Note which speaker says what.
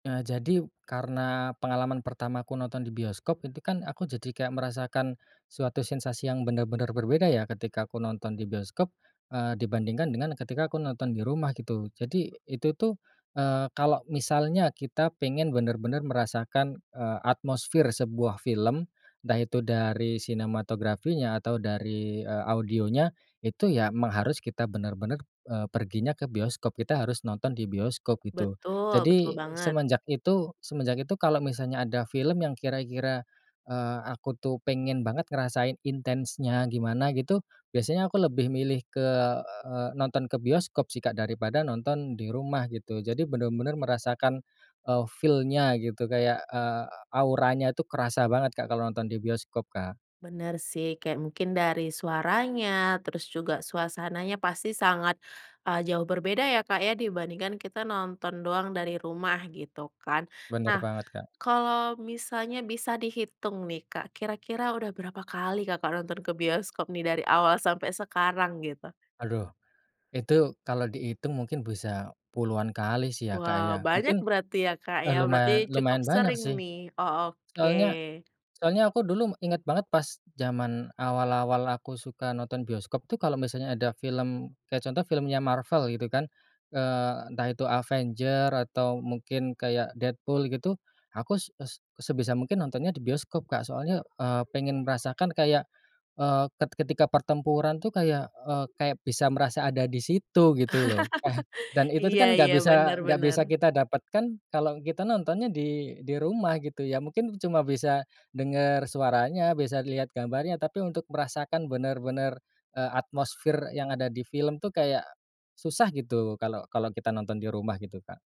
Speaker 1: Eee, jadi, karena pengalaman pertamaku nonton di bioskop itu kan aku jadi kayak merasakan suatu sensasi yang benar-benar berbeda ya, ketika aku nonton di bioskop, eee, dibandingkan dengan, eee, ketika aku nonton di rumah gitu. Jadi itu tuh, eee, kalau misalnya kita pengen bener-bener merasakan, eee, atmosfer sebuah film entah itu dari sinematografinya, atau dari, eee, audionya. Itu ya mang harus kita bener-bener, eee, perginya ke bioskop, kita harus nonton di bioskop gitu.
Speaker 2: Betul, betul
Speaker 1: Jadi
Speaker 2: banget.
Speaker 1: semenjak itu semenjak itu kalau misalnya ada film yang kira-kira, eee, aku tuh pengen banget ngerasain intensnya gimana gitu, biasanya aku lebih milih ke eee, nonton ke bioskop sih Kak daripada nonton di rumah gitu, jadi bener-bener merasakan, eee, feel-nya gitu kayak, eee, auranya itu kerasa banget Kak kalau nonton di bioskop, Kak.
Speaker 2: Bener sih kayak mungkin dari suaranya, terus juga suasananya pasti sangat, eee, jauh berbeda ya Kak ya, dibandingkan kita nonton doang dari rumah gitu kan.
Speaker 1: Bener
Speaker 2: Nah,
Speaker 1: banget Kak.
Speaker 2: kalau misalnya bisa dihitung nih Kak, kira-kira udah berapa kali Kakak nonton ke bioskop nih dari awal sampai sekarang gitu?
Speaker 1: Aduh! itu kalau dihitung mungkin bisa puluhan kali sih ya Kak
Speaker 2: Wow
Speaker 1: ya,
Speaker 2: banyak
Speaker 1: mungkin,
Speaker 2: berarti ya Kak
Speaker 1: eee,
Speaker 2: ya. Berarti
Speaker 1: lumayan
Speaker 2: cukup
Speaker 1: lumayan banyak
Speaker 2: sering
Speaker 1: sih.
Speaker 2: nih. Oh, oke.
Speaker 1: Soalnya soalnya aku dulu inget banget pas zaman awal-awal aku suka nonton bioskop tuh kalau misalnya ada film kayak contoh filmnya Marvel gitu kan, eee, entah itu Avengers atau mungkin kayak Deadpool gitu, aku s s sebisa mungkin nontonnya di bioskop Kak, soalnya, eee, pengen merasakan kayak, eee, ket ketika pertempuran tuh bisa kayak, eee, kayak bisa merasa ada di situ gitu loh. Dan itu tuh
Speaker 2: Iya
Speaker 1: kan nggak
Speaker 2: iya,
Speaker 1: bisa
Speaker 2: bener
Speaker 1: nggak bisa
Speaker 2: bener.
Speaker 1: kita dapatkan kalau kita nontonnya di di rumah gitu ya, mungkin cuma bisa denger suaranya, bisa lihat gambarnya, tapi untuk merasakan bener-bener, eee, atmosfer yang ada di film tuh kayak susah gitu, kalau kalau kita nonton di rumah, gitu, Kak.